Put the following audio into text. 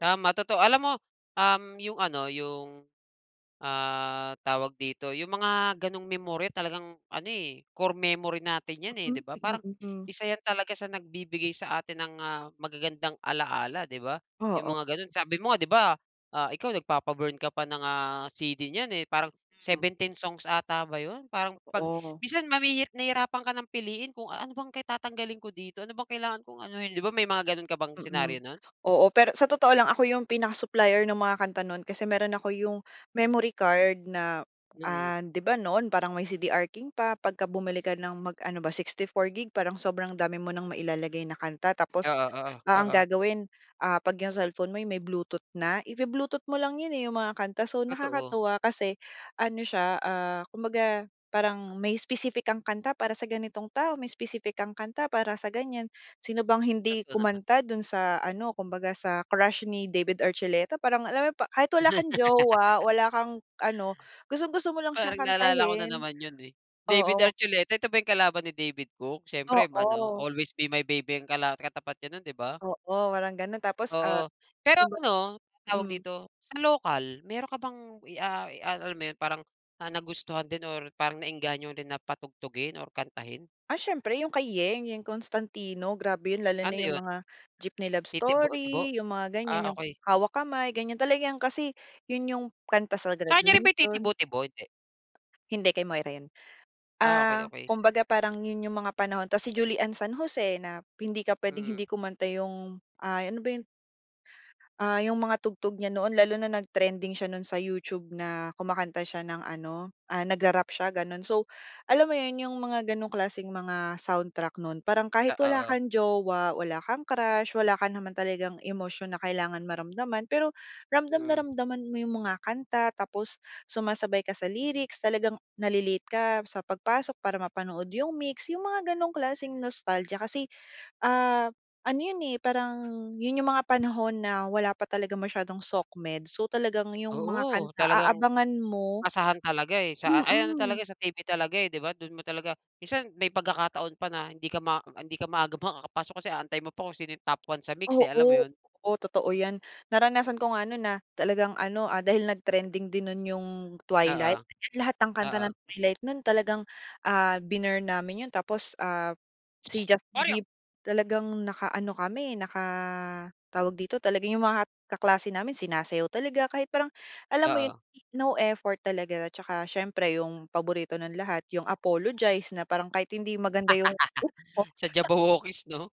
Tama, totoo. Alam mo, um, yung ano, yung, ah, tawag dito, yung mga gano'ng memorya talagang ano, eh, core memory natin 'yan, eh, di ba? Mm, Parang mm. isa yan talaga sa nagbibigay sa atin ng, ah, magagandang alaala di ba? Yung Oo. mga gano'n. Sabi mo nga di ba, ah, ikaw nagpapa-burn ka pa ng, ah, compact disk niyan, eh, parang Mm. 17 songs 'ata ba yun? Parang 'pag Totoo. minsan mahi nahihirapan ka ng piliin kung ano bang tatanggalin ko dito? Ano bang kailangan kong anohin? Di ba may mga ganun ka bang Mm, scenario nun? oo. Pero sa totoo lang ako yung pinaka supplier nung mga kanta nun kasi meron ako yung memory card na, Mm. ah, di ba noon parang may CDR King pa, pagka bumili ka ng mag ano ba, 64GB parang sobrang dami mo ng mailalagay na kanta tapos, Oo, oo, ah, ang oo. gagawin, ah, 'pag yung cellphone mo ay may Bluetooth na, ibu-Bluetooth mo lang yun, eh, yung mga kanta. So, Totoo. nakakatuwa kasi ano siya, ah, kumbaga parang may specific kang kanta para sa ganitong tao, may specific kang kanta para sa ganyan. Sino bang hindi Totoo naman. kumanta dun sa ano, kumbaga sa Crush ni David Archuleta. Parang alam mo pa kahit wala kang jowa, wala kang ano, gustong-gusto mo lang siyang Parang naalala ko na kantahin. naman yun, eh. David Oo. Archuleta, ito ba yung kalaban ni David Cook? Siyempre, um, ano, Oo. Always Be My Baby ang kala ang katapat niya nun di ba? Oo, walang ganun tapos, ah, Oo, pero kumbaga ano, tawag mm. dito, sa lokal meron ka bang i ah, i ah, alam mo yun, parang, ah, nagustuhan din or parang naengganyo rin na patugtugin or kantahin? Ah, siyempre yung kay Yeng, Yeng Constantino. Grabe yun lalo Ano na yung yun? mga Jeepney Love Titibo-tibo? Story, yung mga Ah, ganyan, yung okey. Hawak Kamay ganyan, talagang kasi yun yung kanta sa Sa kanya rin ba yung graduation. Titibo-tibo? Hindi? Hindi, kay Moira yun. Ah, okey, Ah, okey. kumbaga parang yun yung mga panahon tapos si Julie Anne San Jose na hindi ka pwedeng Mm. hindi kumanta yung, ah, ano ba yun? Ah, yung mga tugtog niya noon lalo na nag-trending siya nun sa YouTube na kumakanta siya ng ano, ah, nagra-rap siya gano'n. So, alam mo yun, yung mga gano'ng klaseng mga soundtrack nun parang kahit Ah, wala oo. kang jowa, wala kang crush, wala ka naman talagang emosyon na kailangan maramdaman, pero ramdam na Mm. ramdam mo yung mga kanta tapos sumasabay ka sa lyrics, talagang nale-late ka sa pagpasok para mapanood yung MYX, yung mga ganong klaseng nostalgia kasi, ah, ano yun, eh, parang yun yung mga panahon na wala pa talaga masyadong socmed so, talagang yung mga Oo, kanta talagang aabangan mo asahan talaga, eh, sa ay ano mm. talaga, sa television talaga, eh, di ba? Dun mo talaga minsan may pagkakataon pa na hindi ka ma hindi ka maaga makakapasok kasi aantayin mo pa kung sino yung top one sa MYX, eh, alam mo Oo, yun? oo, totoo 'yan. Naranasan ko nga no'n na talagang ano, ah, dahil nag-trending din nun yung Oo, Twilight, lahat ng kanta oo. ng Twilight nun talagang, ah, binurn namin yun tapos, ah, si Psst, Justin Oreo! Bieber talagang nakaano kami, naka tawag dito? Talagang yung mga kaklase namin sinasayaw talaga kahit parang alam mo yun, Oo. no effort talaga at tsaka siyempre yung paborito ng lahat, yung Apologize na parang kahit hindi maganda yung tono. Sa Jabbawockeez 'no?